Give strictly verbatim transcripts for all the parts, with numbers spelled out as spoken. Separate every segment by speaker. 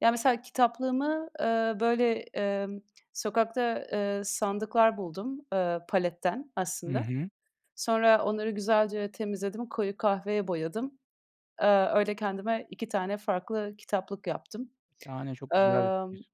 Speaker 1: Ya mesela kitaplığımı, ııı, böyle, ımm, sokakta, ııı, sandıklar buldum, ııı, paletten
Speaker 2: Hı
Speaker 1: aslında.
Speaker 2: hı.
Speaker 1: Sonra onları güzelce temizledim, koyu kahveye boyadım. Iıı, öyle kendime iki tane farklı kitaplık yaptım.
Speaker 2: Şahane, çok güzel bir
Speaker 1: Imm,
Speaker 2: fikir.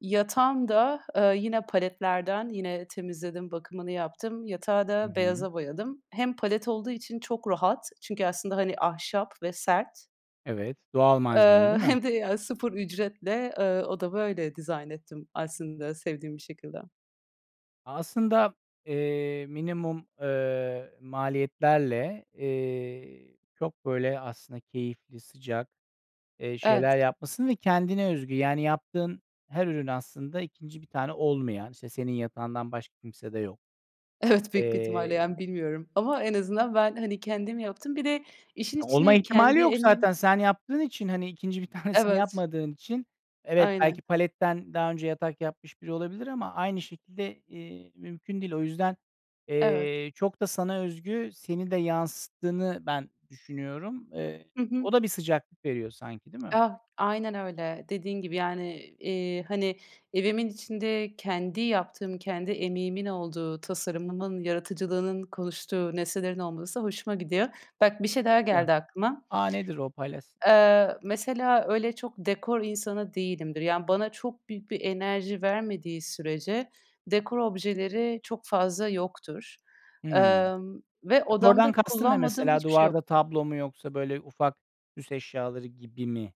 Speaker 1: yatağım da, ııı, yine paletlerden. Yine temizledim, bakımını yaptım. Yatağı
Speaker 2: Hı
Speaker 1: da
Speaker 2: hı.
Speaker 1: beyaza boyadım. Hem palet olduğu için çok rahat çünkü aslında, hani, ahşap ve sert.
Speaker 2: Evet, doğal malzeme, değil
Speaker 1: Iıı,
Speaker 2: mi?
Speaker 1: hem de ya sıfır ücretle, ııı, odamı öyle dizayn ettim aslında sevdiğim bir şekilde.
Speaker 2: Aslında, eee, minimum, ııı, maliyetlerle, eee, çok böyle aslında keyifli, sıcak, eee, şeyler
Speaker 1: Evet.
Speaker 2: yapmışsın ve kendine özgü. Yani yaptığın her ürün aslında ikinci bir tane olmayan, işte senin yatağından başka kimsede yok.
Speaker 1: Evet, büyük bir ihtimalle
Speaker 2: Eee
Speaker 1: yani bilmiyorum ama en azından ben hani kendim yaptım. Bir de işin
Speaker 2: Olma
Speaker 1: içine
Speaker 2: ihtimali
Speaker 1: kendi
Speaker 2: yok
Speaker 1: emeğimi
Speaker 2: zaten. Sen yaptığın için, hani, ikinci bir tanesini
Speaker 1: Evet.
Speaker 2: yapmadığın için evet, belki
Speaker 1: Aynen.
Speaker 2: paletten daha önce yatak yapmış biri olabilir ama aynı şekilde, eee, mümkün değil. O yüzden,
Speaker 1: Evet.
Speaker 2: eee, çok da sana özgü, seni de yansıttığını ben düşünüyorum. Eee,
Speaker 1: Hı hı.
Speaker 2: o da bir sıcaklık veriyor sanki, değil mi?
Speaker 1: Ah, aynen öyle. Dediğin gibi, yani, iii, hani evimin içinde kendi yaptığım, kendi emeğimin olduğu, tasarımımın, yaratıcılığının konuştuğu nesnelerin olması hoşuma gidiyor. Bak, bir şey daha
Speaker 2: [unintelligible]
Speaker 1: geldi aklıma.
Speaker 2: A, nedir o? Paylaşs
Speaker 1: Iıı, mesela öyle çok dekor insanı değilimdir, yani bana çok büyük bir enerji vermediği sürece dekor objeleri çok fazla yoktur,
Speaker 2: Hımm.
Speaker 1: ımm, ve
Speaker 2: Dekordan
Speaker 1: odamda
Speaker 2: kastın ne
Speaker 1: kullanmadığım
Speaker 2: mesela,
Speaker 1: hiçbir şey
Speaker 2: duvarda
Speaker 1: yoktur.
Speaker 2: tablo mu yoksa böyle ufak süs eşyaları gibi mi?